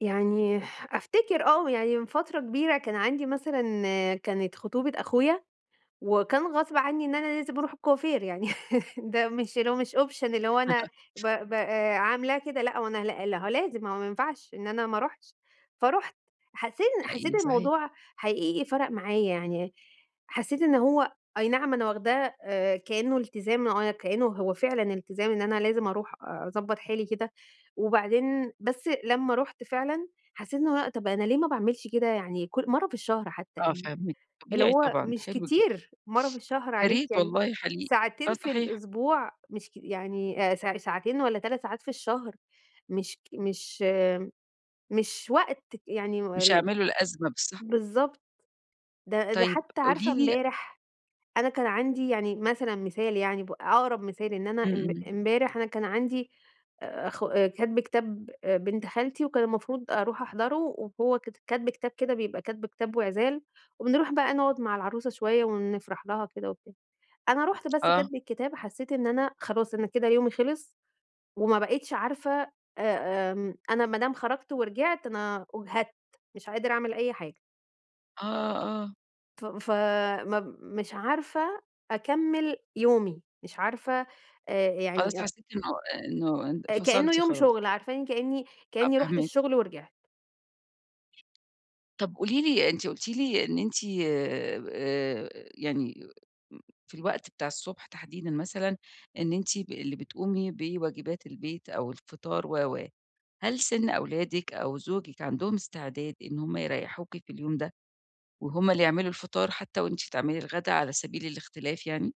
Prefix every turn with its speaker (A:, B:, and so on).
A: يعني ح أفتكر آه يعني من فترة كبيرة كان عَندي مثلًا كانت خطوبة أخويا، وكان غصب عنّي إن أنا لازم أروح الكوافير يعني ده مش اللي هو مش option اللي هو أنا ب ب آآ عاملاه كده لأ، هو أنا لأ، لأ، هو لازم ما هو ما ينفعش إن أنا ما اروحش؛ فرُحت. حسّيت إن حسّيت
B: حقيقي صحيح.
A: الموضوع حقيقي فَرَق معايا يعني، حسّيت إن هو أي نعم أنا واخداه آآ كأنُّه التزام آه أنا كأنُّه هو فعلًا التزام إن أنا لازم أروح آآ أضبّط حالي كده، وبعدين بس لمّا رُحت فعلًا حسّيت إن هو، طَب أنا ليه ما باعملش كده يعني كُل مرّة في الشهر حتّى
B: آه
A: يعني؟
B: فاهماكِ.
A: اللي
B: طبيعي
A: هو
B: طبعًا،
A: مش
B: حلو جدًا.
A: كتير مرّة في الشهر عليك
B: ياريت
A: يعني
B: والله حقيقي. آه
A: ساعتين في
B: صحيح.
A: الأسبوع مش كي يعني آآ ساع ساعتين والّا 3 ساعات في الشهر مش ك مش آمم مش وقت ك يعني
B: مش
A: وال
B: هيعملوا الأزمة بس صح.
A: بالضبط. ده ده
B: طيب
A: حتّى عارفة
B: قولي لي
A: امبارح أنا كان عَندي يعني مثلًا مثال يعني ب ع أقرب مثال إن أنا
B: إمم،
A: امب
B: إمم.
A: امبارح أنا كان عَندي آآ أخو كَتب كتاب آآ بنت خالتي وكان المفروض أروح أحضرُه، وهو كت كَتب كتاب كده بيبقى كَتب كتاب وعِزال، وبنروح بقى نقعد مع العروسة شوية ونفرح لها وكده وبتاع، أنا رُحت بس
B: آه.
A: كَتب الكتاب حسّيت إن أنا خلاص أنا كده يومي خلص، وما بقتش عارفة آآ آمم أنا ما دام خرجت ورجعت أنا أُجهدت، مش قادرة أعمل أي حاجة.
B: آه، آه.
A: فم ف مب مش عارفة أكمّل يومي، مش عارفة آآ أ
B: خلاص
A: يعني أأ
B: حسّيتِ إن هو آآ إنّه إن
A: آآ كأنُّه
B: فصلتِ
A: يوم
B: خلاص.
A: شُغل عارفاني كأنّي،
B: آه،
A: كأنّي رُحت
B: فاهماكِ.
A: الشغل ورجعت.
B: طَب قولي لي أنتِ قُلتِ لي إن أنتِ آآ ب آآ يعني م في الوقت بتاع الصُبح تحديدًا مثلًا إن أنتِ ب اللي بتقومي بواجبات البيت أو الفطار و، و، هل سِن أولادِك أو زوجِك عَندهم استعداد إن هُم يريحوكِ في اليوم ده؟ وهُم اللي يعملوا الفطار حتّى وأنتِ تعملي الغدا على سبيل الاختلاف يعني؟